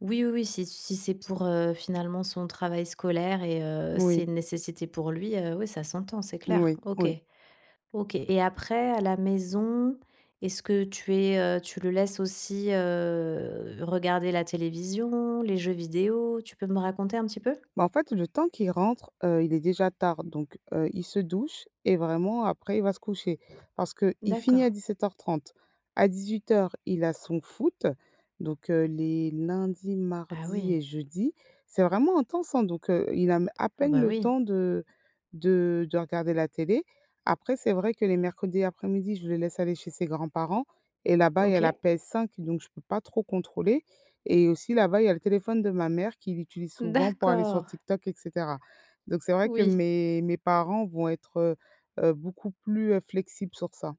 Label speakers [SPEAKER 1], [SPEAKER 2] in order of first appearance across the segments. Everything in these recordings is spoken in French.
[SPEAKER 1] Oui, oui, oui, si c si c'est pour, heu, finalement son travail scolaire et heu, c'est
[SPEAKER 2] Moui.
[SPEAKER 1] une nécessité pour lui, heu, ouais, ça s'entend, c'est clair.
[SPEAKER 2] Oui,
[SPEAKER 1] OK.
[SPEAKER 2] oui.
[SPEAKER 1] OK, et après, à la maison, est-ce que tu es, heu tu le laisses aussi, heu, regarder la télévision, les jeux vidéos? Tu peux me raconter un petit peu.
[SPEAKER 2] Bah, en fait le temps qu'il rentre, heu, il est déjà tard donc heu, il se douche et vraiment après il va se coucher. Parce qu'il finit à
[SPEAKER 1] D'accord.
[SPEAKER 2] 17:30. À 18:00 il a son foot, donc heu, les lundis,
[SPEAKER 1] Ah
[SPEAKER 2] mardis
[SPEAKER 1] oui.
[SPEAKER 2] et jeudis. C'est vraiment intense hein! Donc heu, il a m à
[SPEAKER 1] Ah
[SPEAKER 2] peine
[SPEAKER 1] bah
[SPEAKER 2] le
[SPEAKER 1] oui.
[SPEAKER 2] temps de de de regarder la télé. Après c'est vrai que les mercredis après-midi je le laisse aller chez ses grands-parents et là-bas, il y a la
[SPEAKER 1] OK.
[SPEAKER 2] PS5 donc je peux pas trop contrôler et aussi là-bas il y le téléphone de ma mère qui l'utilise souvent pour aller sur
[SPEAKER 1] D'accord!
[SPEAKER 2] TikTok et cetera, donc c'est vrai que
[SPEAKER 1] Oui.
[SPEAKER 2] mes mes parents vont être, heu heu, beaucoup plus flexibles sur ça.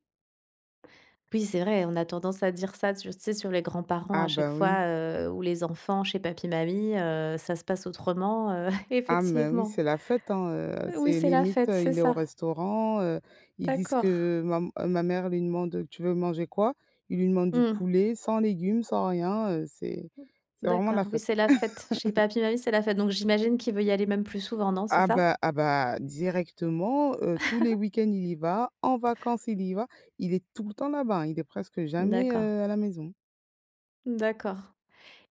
[SPEAKER 1] P oui, c'est vrai, on a tendance à dire ça tur sais, sur les grands parents
[SPEAKER 2] Ah
[SPEAKER 1] à chaque
[SPEAKER 2] bah, oui.
[SPEAKER 1] fois, heu, ou les enfants chez papi mamie, heu, ça se passe autrement, heu,
[SPEAKER 2] Ah mais oui,
[SPEAKER 1] effectivement,
[SPEAKER 2] c'est la fête hein, heu,
[SPEAKER 1] oui,
[SPEAKER 2] c'est
[SPEAKER 1] c'est la
[SPEAKER 2] limite,
[SPEAKER 1] fête,
[SPEAKER 2] heu,
[SPEAKER 1] c'est
[SPEAKER 2] il est au
[SPEAKER 1] ça.
[SPEAKER 2] restaurant, heu, ils disent
[SPEAKER 1] D'accord.
[SPEAKER 2] que mam ma mère lui demande: «tu veux manger quoi?» il lui demande du
[SPEAKER 1] Mmh.
[SPEAKER 2] poulet sans légumes, sans rien, heu, c'est c'est vraiment
[SPEAKER 1] D'accord
[SPEAKER 2] la
[SPEAKER 1] oui
[SPEAKER 2] fête!
[SPEAKER 1] c'est la fête! Chez papi, mamie c'est la fête donc j'imagine qu'il veut y aller même plus souvent, non? C'est
[SPEAKER 2] Ah
[SPEAKER 1] ça?
[SPEAKER 2] bah ah bah, directement, heu, tous les week-ends il y va, en vacances il y va, il est tout le temps là-bas, hein. Il est presque jamais,
[SPEAKER 1] D'accord.
[SPEAKER 2] heu, à la maison.
[SPEAKER 1] D'accord,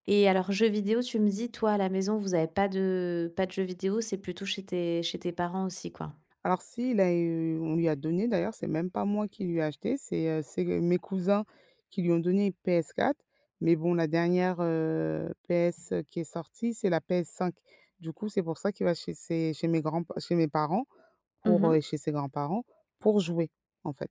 [SPEAKER 1] et alors jeux vidéos, tu me dis toi à la maison vous avez pas de pas de jeux vidéos, c'est plutôt chez tes chez tes parents aussi quoi.
[SPEAKER 2] Alors si il a eu on lui a donné d'ailleurs, c'est même pas moi qui lui ai acheté, c'est, heu c'est g mes cousins qui lui ont donné PS4, mais bon la dernière, heu, PS qui est sortie c'est la PS5. Du coup c'est pour ça qu'il va chez ses chez mes grands p chez mes parents,
[SPEAKER 1] Mmh
[SPEAKER 2] pour, heu
[SPEAKER 1] mh.
[SPEAKER 2] chez ses grands-parents pour jouer en fait.